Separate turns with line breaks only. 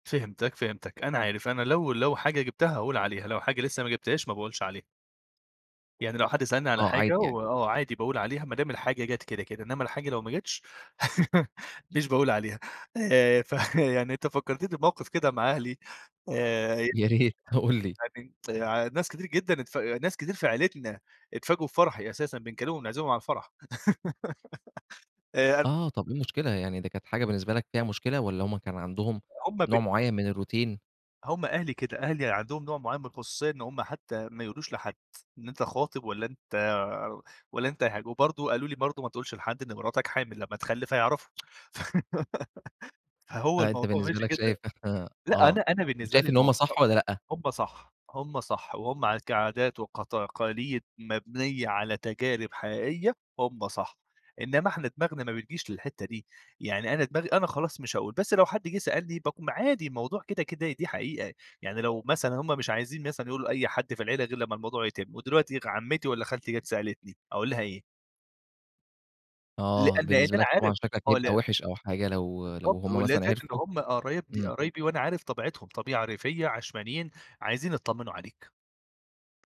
فهمتك، فهمتك أنا عارف، أنا لو لو حاجة جِبتها هاقول عليها، لو حاجة لسه ما جِبتهاش ما باقولش عليها. يعني لو حد سألني على
آه عادي
حاجة
يعني.
وآه عادي باقول عليها، ما دام الحاجة جات كده، كده. إنما الحاجة لو ما جاتش مش باقول عليها آآ ف يعني أنت فكرتني بموقف كده مع أهلي، آآ ه
يا ريت قُل لي.
[unintelligible] آآ ع ناس كتير جدًا اتف ناس كتير في عيلتنا اتفاجئوا بفرحي أساسًا، بنكلمهم نعزمهم على الفرح آآ أ
آه طب إيه المشكلة؟ يعني ده كانت حاجة بالنسبة لك فيها مشكلة، والّا هُم كان عندهم
هُم ب
نوع معين من الروتين؟
هُم أهلي كده، أهلي عندهم نوع معين من الخصوصية إن هُم حتى ما يقولوش لحد، إن أنت خاطب والّا أنت والّا أنت ه وبرضه قالوا لي برضه ما تقولش لحد إن مراتك حامل، لما تخلف هيعرفوا فهو
آآ أنت
الموضوع
بالنسبة
ماشي
لك شايف
كده،
[unintelligible]
لأ
آه.
أنا أنا
طب
بالنسبة لي
شايف إن هُم
الموضوع
صح والّا لأ؟
هُم صح، هُم صح وهُم ع كعادات، وكتقاليد مبنية على تجارب حقيقية هُم صح، إنما إحنا دماغنا ما بتجيش للحتة دي، يعني أنا دماغي أنا خلاص مش هاقول، بس لو حد جه سألني باقوم عادي الموضوع كده كده دي حقيقة، يعني لو مثلًا هُم مش عايزين مثلًا يقولوا لأي حد في العيلة غير لما الموضوع يتم، ودلوقتي عمتي والّا خالتي جات سألتني أقول لها إيه؟
آه
لأن لأن
بالنسبة
أنا
لك
عارف
طبعًا شكلك
آه
هيبقى
ل
وحِش أو حاجة لو لو
بالضبط، و
هُم مثلًا
[unintelligible] إن
عرفوا
هُم قرايبن
إمم.
قرايبي وأنا عارف طبيعتهم، طبيعة ريفية، عشمانيين، عايزين يتطمنوا عليك.